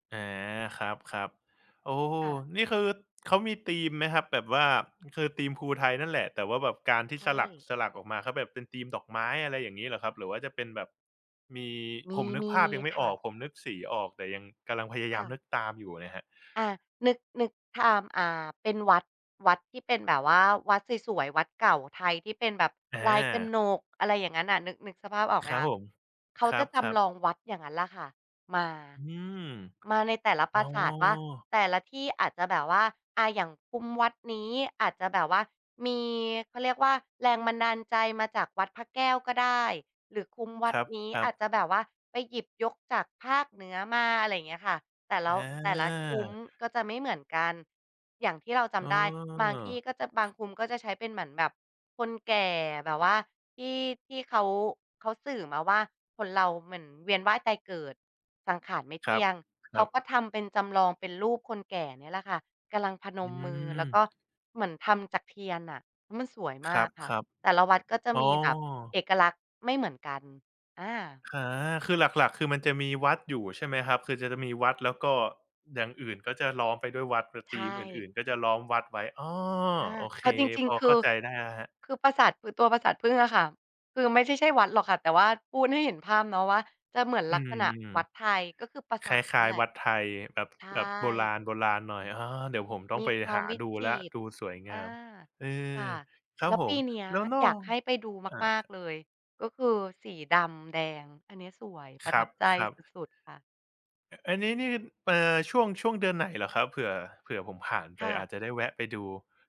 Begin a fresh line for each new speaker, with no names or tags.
อา ครับ ๆ โอ้
ค่ะ
นี่คือเขามีธีมไหมครับ? แบบว่า คือธีมภูไทยนั่นแหละ แต่ว่าแบบการที่
ใช
สลัก
่
สลักออกมาก็แบบเป็นธีมดอกไม้ อะไรอย่างงี้เหรอครับ หรือว่าจะเป็นแบบมี
ม
ผมนึกภาพ
ี
ยัง
ๆ
ไม่
ๆ ค
อ
่
อ
ะ
ก ผมนึกสีออกแต่ยัง กำลัง พยาย
ค
า
่
ม
ะ
นึกตามอยู่ไงครับ
อา นึก นึกทาง อ่า เป็นวัด วัดที่เป็นแบบว่า วัดสวย ๆ วัดเก่าไทยที่เป็นแบบ
อ
ลายก
า
นก อะไรอย่างนั้นน่ะ นึก นึกสภาพออก
ค
ไหม
รับ
คะ?
ผม
เขา
ครั
จะ
บ
จ
ครับ
ำลองวัดอย่างนั้นล่ะค่ะ มา
อืม
มาในแต่ละ
อ
ป
๋อ
ราสาทว่า แต่ละที่อาจจะแบบว่า อ่า อย่างคุ้มวัดนี้อาจจะแบบว่ามี เขาเรียกว่าแรงบันดาลใจมาจากวัดพระแก้วก็ได้ หรือคุ้มวั
ค
ด
รับ
นี้
ครั
อา
บ
จจะแบบว่าไปหยิบยกจากภาคเหนือมา อะไรอย่างเงี้ยค่ะ แต่ละ
อ
ว แต่ละคุ้ม
า
ก็จะไม่เหมือนกัน อย่างที่เราจ
อ้
ำได้ บางที่
อ
ก็จะ บางคุ้มก็จะใช้เป็นเหมือนแบบคนแก่แบบว่า ที่ ที่เขา เขาสื่อมาว่าคนเราเหมือนเวียนว่ายตายเกิดสังขารไม่เ
ค
ท
รั
ี่
บ
ยง
ค
เข
ร
า
ับ
ก็ทำเป็น จำลองเป็นรูปคนแก่เนี่ยแหละค่ะ กำลังพน
อื
มมือ แล้วก็
ม
เหมือนทำจากเทียนน่ะมันสวย
ค
ม
ร
า
ับ
กค่
ค
ะ
รับ
แต่ละวัดก็จะ
อ๋อ
มีแบบเอกลักษณ์ไม่เหมือนกัน อา
อา คือหลัก ๆ คือมันจะมีวัดอยู่ใช่ไหมครับ? คือจะ จะมีวัด แล้วก็ อย่างอื่นก็จะล้อมไปด้วยวัด เพราะ
ใช
ธีมอ
่
ื่น ๆ ก็จะล้อมวัดไว้ อ้อ
อา
โอเค
เอาจริง
พอ
ๆ ค
เ
ื
ข้
อ
าใจได้แล้วครับ
คือปราสาท คือตัวปราสาทผึ้งอะค่ะ คือไม่ใช่ ใช่วัดหรอกค่ะ แต่ว่าพูดให้เห็นภาพเนาะ ว่าจะเหมือน
อื
ลัก
ม
ษณะวัดไทย ก็คือปรา
ค
สาท
ล
น
้
ั
า
่น
ย
แหล
ๆ
ะ
วัดไทย แบบ
ใช
แบบโบรา
่
ณ ๆ หน่อย อ้อ เดี๋ยวผมต้อง
ม
ไ
ี
ป
ควา
หา
มวิ
ดู
จ
แล้ว
ิต
ด
ร
ูสวยง
อ
า
า
ม เออ
ค่ะ
ครั
แ
บ
ล้ว
ผ
ป
ม
ีเนี้ย
แล้วนอ
อยาก
ก
ให้ไปดู
อา
มา
คร
ก
ับ
ๆ เล
ผม
ย ก็คือสีดำแดงอันเนี้ยสวย ป
ค
ระ
ร
ท
ั
ั
บ
บใจ
ครั
ส
บ
ุด ๆ ค่ะ
อ อันนี้นี่ เอ่อ ช่วง ช่วงเดือนไหนเหรอครับ? เผื่อ เผื่อผมผ่านไป
ค่
อ
ะ
าจจะได้แวะไปดู